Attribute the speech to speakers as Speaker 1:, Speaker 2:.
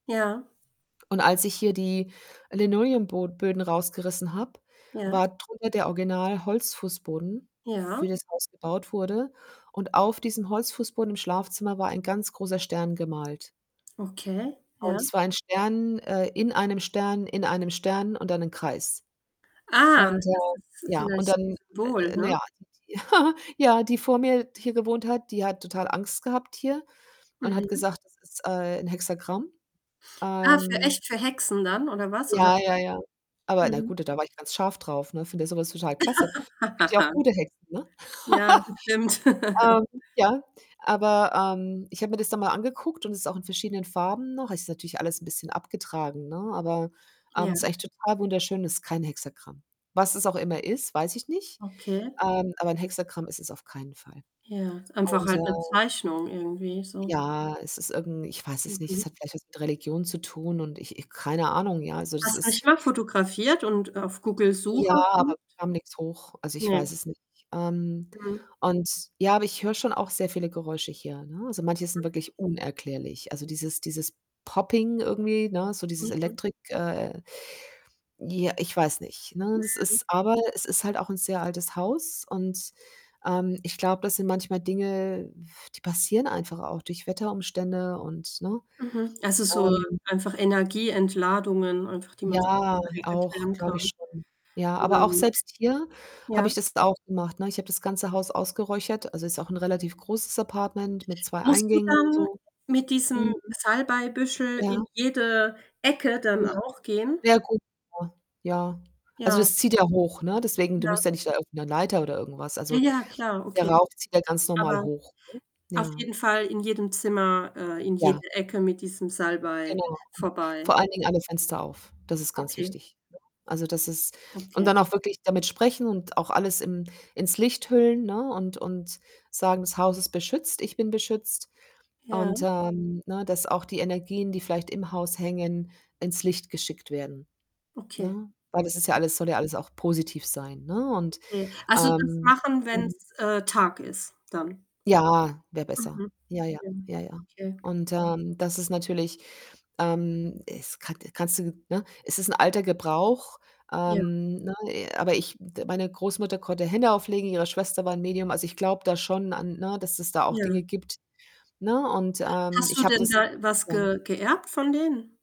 Speaker 1: Ja.
Speaker 2: Und als ich hier die Linoleumbo Böden rausgerissen habe,
Speaker 1: Ja.
Speaker 2: war drunter der Original Holzfußboden, für
Speaker 1: Ja.
Speaker 2: das Haus gebaut wurde und auf diesem Holzfußboden im Schlafzimmer war ein ganz großer Stern gemalt.
Speaker 1: Okay,
Speaker 2: Und
Speaker 1: ja.
Speaker 2: es war ein Stern, äh, in einem Stern in einem Stern und dann ein Kreis.
Speaker 1: Ah,
Speaker 2: Und,
Speaker 1: das
Speaker 2: äh,
Speaker 1: ist
Speaker 2: ja, und
Speaker 1: vielleicht 'n
Speaker 2: dann
Speaker 1: Symbol,
Speaker 2: n na
Speaker 1: ne?
Speaker 2: ja, die die ja, die vor mir d hier gewohnt hat, die hat total Angst gehabt hier und hat
Speaker 1: Mhm.
Speaker 2: gesagt, das ist, äh, 'n Hexagramm.
Speaker 1: Ah, für
Speaker 2: Ähm
Speaker 1: echt für Hexen dann oder was oder
Speaker 2: Ja,
Speaker 1: was?
Speaker 2: ja, ja. Aber na
Speaker 1: Mhm.
Speaker 2: gut, d da war ich ganz scharf drauf, ne, finde ja so was total klasse. Gibt ja auch gute Hexen, ne?
Speaker 1: Ja, das stimmt.
Speaker 2: Ähm, ja, aber, ähm, ich habe mir das dann mal angeguckt und ist auch in verschiedenen Farben noch. Ist natürlich alles 'n bisschen abgetragen, ne, aber, ähm,
Speaker 1: Ja.
Speaker 2: ist eigentlich total wunderschön. Es ist kein Hexagramm. Was es auch immer ist, weiß ich nicht,
Speaker 1: Okay.
Speaker 2: ähm, aber 'n Hexagramm ist es auf keinen Fall
Speaker 1: Ja, einfach
Speaker 2: und,
Speaker 1: halt 'ne
Speaker 2: äh
Speaker 1: Zeichnung irgendwie so.
Speaker 2: Ja, es ist irgend 'n ich weiß es nicht,
Speaker 1: Mhm.
Speaker 2: es hat vielleicht was mit Religion zu tun und ich ich keine Ahnung, ja. Also, das
Speaker 1: Hast
Speaker 2: ist
Speaker 1: nicht mal fotografiert und auf
Speaker 2: Ja,
Speaker 1: Google-Suche
Speaker 2: aber
Speaker 1: gesucht?
Speaker 2: kam nix hoch. Also, ich weiß
Speaker 1: Ne.
Speaker 2: es nicht. Ähm,
Speaker 1: Mhm.
Speaker 2: und ja, aber ich höre schon auch sehr viele Geräusche hier, ne? Also, manche sind
Speaker 1: Mhm.
Speaker 2: wirklich unerklärlich. Also, dieses dieses Popping irgendwie, ne, so dieses
Speaker 1: Mhm.
Speaker 2: Elektrik äh, ja, ich weiß nicht, ne? Es
Speaker 1: Mhm.
Speaker 2: ist aber es ist halt auch 'n sehr altes Haus und, ähm, ich glaube, das sind manchmal Dinge, die passieren einfach auch durch Wetterumstände und ne?
Speaker 1: Mhm. Also, so
Speaker 2: Ähm
Speaker 1: einfach Energieentladungen einfach, die man sich
Speaker 2: Ja,
Speaker 1: nicht so recht
Speaker 2: auch
Speaker 1: erklären kann.
Speaker 2: glaube ich schon. Ja, aber
Speaker 1: Wäre
Speaker 2: auch
Speaker 1: möglich.
Speaker 2: selbst hier habe
Speaker 1: Ja.
Speaker 2: ich das jetzt auch gemacht, ne? Ich habe das ganze Haus ausgeräuchert, also, ist auch 'n relativ großes Apartment mit 2
Speaker 1: Musst du
Speaker 2: Eingängen und
Speaker 1: dann
Speaker 2: so.
Speaker 1: mit diesem
Speaker 2: Mhm.
Speaker 1: Salbeibüschel
Speaker 2: Ja.
Speaker 1: in jede Ecke dann
Speaker 2: Ja.
Speaker 1: auch gehen?
Speaker 2: Ja gut. [unintelligible] Ja. Also,
Speaker 1: Ja.
Speaker 2: das zieht ja hoch, ne, deswegen du
Speaker 1: Ja.
Speaker 2: musst ja nicht da irgend 'ne Leiter oder irgendwas
Speaker 1: Ja,
Speaker 2: also,
Speaker 1: ja, klar,
Speaker 2: der
Speaker 1: okay.
Speaker 2: Rauch zieht ja ganz normal
Speaker 1: Aber
Speaker 2: hoch, ne?
Speaker 1: auf
Speaker 2: Ja.
Speaker 1: jeden Fall in jedem Zimmer, äh, in jede
Speaker 2: Ja.
Speaker 1: Ecke mit diesem Salbei
Speaker 2: Genau.
Speaker 1: vorbei.
Speaker 2: Vor allen Dingen
Speaker 1: Hm.
Speaker 2: alle Fenster auf, das ist ganz
Speaker 1: Okay.
Speaker 2: wichtig, ne? Also, das ist und
Speaker 1: Okay.
Speaker 2: dann auch wirklich damit sprechen und auch alles im ins Licht hüllen, ne, und und sagen: „Das Haus ist beschützt, ich bin beschützt.“
Speaker 1: Ja.
Speaker 2: Und, ähm, ne, dass auch die Energien, die vielleicht im Haus hängen, ins Licht geschickt werden,
Speaker 1: Okay.
Speaker 2: ne? Weil das ist ja
Speaker 1: Ja.
Speaker 2: alles soll ja alles auch positiv sein, ne? Und,
Speaker 1: Okay. Also, das
Speaker 2: ähm
Speaker 1: machen,
Speaker 2: mhm.
Speaker 1: wenn's, äh, Tag ist dann.
Speaker 2: Ja. Wäre besser.
Speaker 1: Mhm.
Speaker 2: Ja, ja,
Speaker 1: Ja,
Speaker 2: ja, ja.
Speaker 1: okay.
Speaker 2: Und, ähm, das ist natürlich, ähm es kan kannst du ne, es ist 'n alter Gebrauch,
Speaker 1: Ja.
Speaker 2: ähm, ne, aber ich d meine Großmutter konnte Hände auflegen, ihre Schwester war 'n Medium. Also, ich glaube da schon an ne, dass es da auch
Speaker 1: Ja.
Speaker 2: Dinge gibt, ne, und, ähm,
Speaker 1: Hast
Speaker 2: ich
Speaker 1: du
Speaker 2: habe
Speaker 1: denn
Speaker 2: das
Speaker 1: da was
Speaker 2: ja.
Speaker 1: ge geerbt von denen?